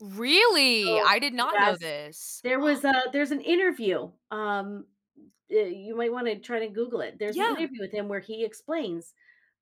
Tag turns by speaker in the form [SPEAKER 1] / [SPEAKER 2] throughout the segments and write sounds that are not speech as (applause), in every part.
[SPEAKER 1] Really?
[SPEAKER 2] So,
[SPEAKER 1] I did not know
[SPEAKER 2] yes,
[SPEAKER 1] this.
[SPEAKER 2] there
[SPEAKER 1] (gasps)
[SPEAKER 2] was a there's an interview, um, you might wanna try to Google it. There's an
[SPEAKER 1] Yeah.
[SPEAKER 2] interview with him where he explains,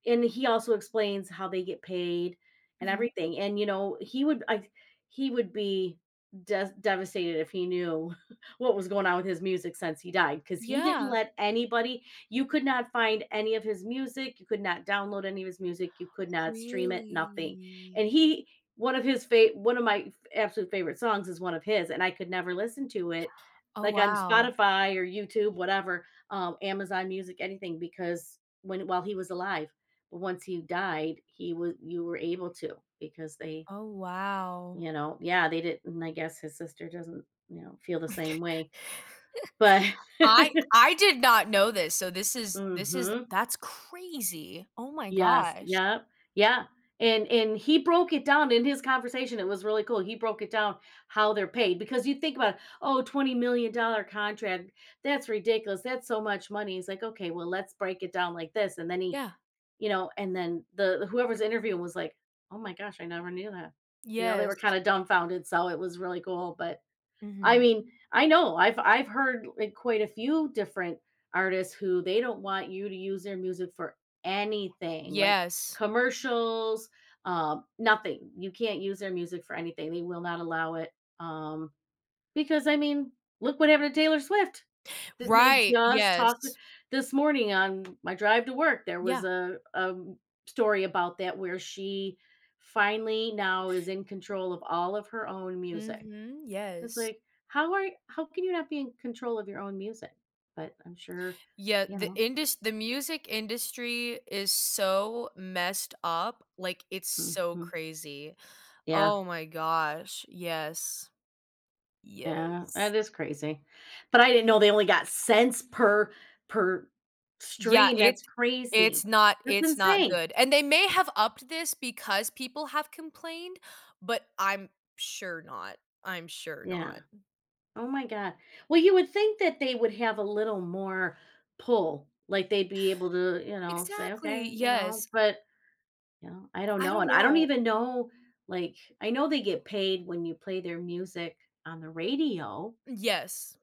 [SPEAKER 2] and he also explains how they get paid and
[SPEAKER 1] Mhm.
[SPEAKER 2] everything, and, you know, he would I he would be des devastated if he knew (chuckles) what was going on with his music since he died 'cause he didn't
[SPEAKER 1] Yeah.
[SPEAKER 2] let anybody you could not find any of his music, you could not download any of his music, you could not stream it, nothing. And
[SPEAKER 1] Really?
[SPEAKER 2] he one of his fav one of my f absolute favorite songs is one of his, and I could never listen to it,
[SPEAKER 1] Oh,
[SPEAKER 2] like, on
[SPEAKER 1] wow.
[SPEAKER 2] Spotify or YouTube, whatever, um, Amazon music, anything because when while he was alive, once he died, he was you were able to because they
[SPEAKER 1] Oh, wow.
[SPEAKER 2] you know. Yeah, they didn't I guess his sister doesn't, you know, feel the same way. But
[SPEAKER 1] (chuckles) I
[SPEAKER 2] (laughs)
[SPEAKER 1] I did not know this, so, this is this is
[SPEAKER 2] Mhm.
[SPEAKER 1] that's crazy. Oh my
[SPEAKER 2] Yes.
[SPEAKER 1] gosh.
[SPEAKER 2] Yep. Yeah. And and he broke it down in his conversation, it was really cool, he broke it down- how they're paid- because you think about, "Oh $20,000,000 contract. That's ridiculous, that's so much money." He's like, "Okay, well, let's break it down like this," and then he
[SPEAKER 1] Yeah.
[SPEAKER 2] you know, and then the whoever's interviewing was like, "Oh my gosh, I never knew that." You know, they were
[SPEAKER 1] Yes.
[SPEAKER 2] kinda dumbfounded, so, it was really cool. But I
[SPEAKER 1] Mhm.
[SPEAKER 2] mean, I know, I've I've heard quite a few different artists who they don't want you to use their music for anything like
[SPEAKER 1] Yes.
[SPEAKER 2] commercials, um, nothing. You can't use their music for anything, they will not allow it. Um, because I mean, look what happened to Taylor Swift. Didn't they
[SPEAKER 1] Right.
[SPEAKER 2] just talk
[SPEAKER 1] Yes.
[SPEAKER 2] this morning on my drive to work, there was
[SPEAKER 1] Yeah.
[SPEAKER 2] a a story about that where she finally now is in control of all of her own music.
[SPEAKER 1] Mhm,
[SPEAKER 2] It's
[SPEAKER 1] yes.
[SPEAKER 2] like, how are how can you not be in control of your own music? But I'm sure
[SPEAKER 1] Yeah,
[SPEAKER 2] you
[SPEAKER 1] the
[SPEAKER 2] know?
[SPEAKER 1] indus the music industry is so messed up, like, it's so
[SPEAKER 2] Mhm.
[SPEAKER 1] crazy.
[SPEAKER 2] Yeah.
[SPEAKER 1] Oh my gosh. Yes.
[SPEAKER 2] Yeah,
[SPEAKER 1] Yes.
[SPEAKER 2] that is crazy. But I didn't know they only got cents per per
[SPEAKER 1] Yeah,
[SPEAKER 2] stream,
[SPEAKER 1] it
[SPEAKER 2] that's
[SPEAKER 1] it's
[SPEAKER 2] crazy.
[SPEAKER 1] not
[SPEAKER 2] That's
[SPEAKER 1] it's not
[SPEAKER 2] insane.
[SPEAKER 1] good and they may have upped this because people have complained, but I'm sure not. I'm sure
[SPEAKER 2] Yeah.
[SPEAKER 1] not.
[SPEAKER 2] Oh my god well, you would think that they would have a little more pull. Like, they'd be able to, you know, say,
[SPEAKER 1] Exactly,
[SPEAKER 2] "Okay." You know?
[SPEAKER 1] yes.
[SPEAKER 2] But, you know, I don't
[SPEAKER 1] I
[SPEAKER 2] know
[SPEAKER 1] don't
[SPEAKER 2] and I don't
[SPEAKER 1] know.
[SPEAKER 2] even know like I know they get paid when you play their music on the radio
[SPEAKER 1] Yes.